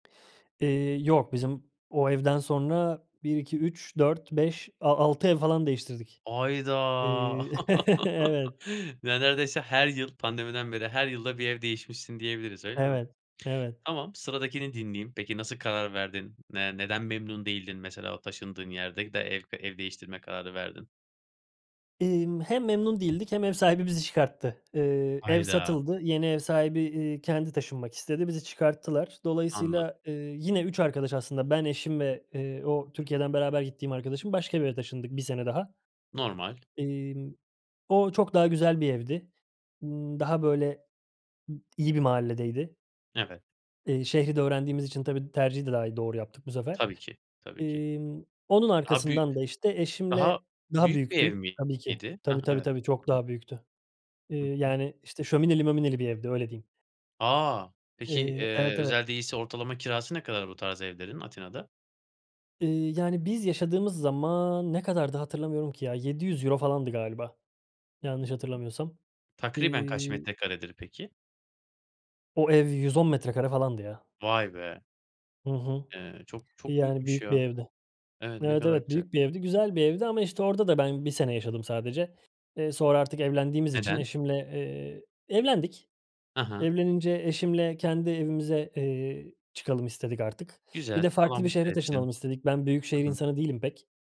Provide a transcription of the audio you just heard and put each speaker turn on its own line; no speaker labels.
Eee, yok. Bizim o evden sonra 1-2-3-4-5 a altı ev falan değiştirdik.
Hayda.
Eee, evet.
Ne neredeyse her yıl, pandemiden beri her yılda 1 ev değişmişsin diyebiliriz, öyle mi?
Evet. Evet.
Tamam, sıradakini dinleyeyim. Peki, nasıl karar verdin? Ne neden memnun değildin mesela o taşındığın yerde de, ev ka ev değiştirme kararı verdin?
Emm, hem memnun değildik hem ev sahibi bizi çıkarttı. Eee, ev
Hayda.
satıldı. Yeni ev sahibi, eee, kendi taşınmak istedi, bizi çıkarttılar.
Anladım.
Dolayısıyla, eee, yine 3 arkadaş, aslında ben, eşim ve, eee, o Türkiye'den beraber gittiğim arkadaşım, başka bir eve taşındık. 1 sene daha.
Normal.
Emm, o, çok daha güzel bir evdi. Imm, daha böyle m iyi bir mahalledeydi.
Evet.
Eee, şehri de öğrendiğimiz için tabii, tercihi de daha iyi, doğru yaptık bu sefer.
Tabii ki, tabii ki.
Emm, onun
Daha bü
arkasından da, işte,
daha
eşimle daha
büyük bir
büyüktü,
ev
tabii ki.
miydi? Heh,
Tabii, tabii,
evet.
tabii, çok daha büyüktü. Eee,
Hı hı.
yani, işte, şömineli mömineli bir evdi, öyle diyeyim.
A, peki,
Eee,
eee,
evet, evet.
özel değilse ortalama kirası ne kadar bu tarz evlerin Atina'da?
Iıı, yani, biz yaşadığımız zaman ne kadardı, hatırlamıyorum ki ya. €700 falandı galiba, yanlış hatırlamıyorsam.
Takriben kaç
İii
metrekaredir peki?
O ev 110 metrekare falandı, ya.
Vay be!
Hı hı.
Eee, çok çok
Yani,
büyükmüş,
büyük bir
ya.
evdi.
Evet, ne
Evet,
kadar
evet,
güzel.
büyük bir evdi. Güzel bir evdi ama, işte, orada da ben 1 sene yaşadım sadece. Eee, sonra artık evlendiğimiz için
Neden?
eşimle eee, evlendik.
Ha ha.
Evlenince eşimle kendi evimize, eee, çıkalım istedik artık. Bir
Güzel
de
Allah
farklı bir
mutlu
şehre
etsin.
taşınalım istedik. Ben büyük
I
şehir
hı.
insanı değilim pek.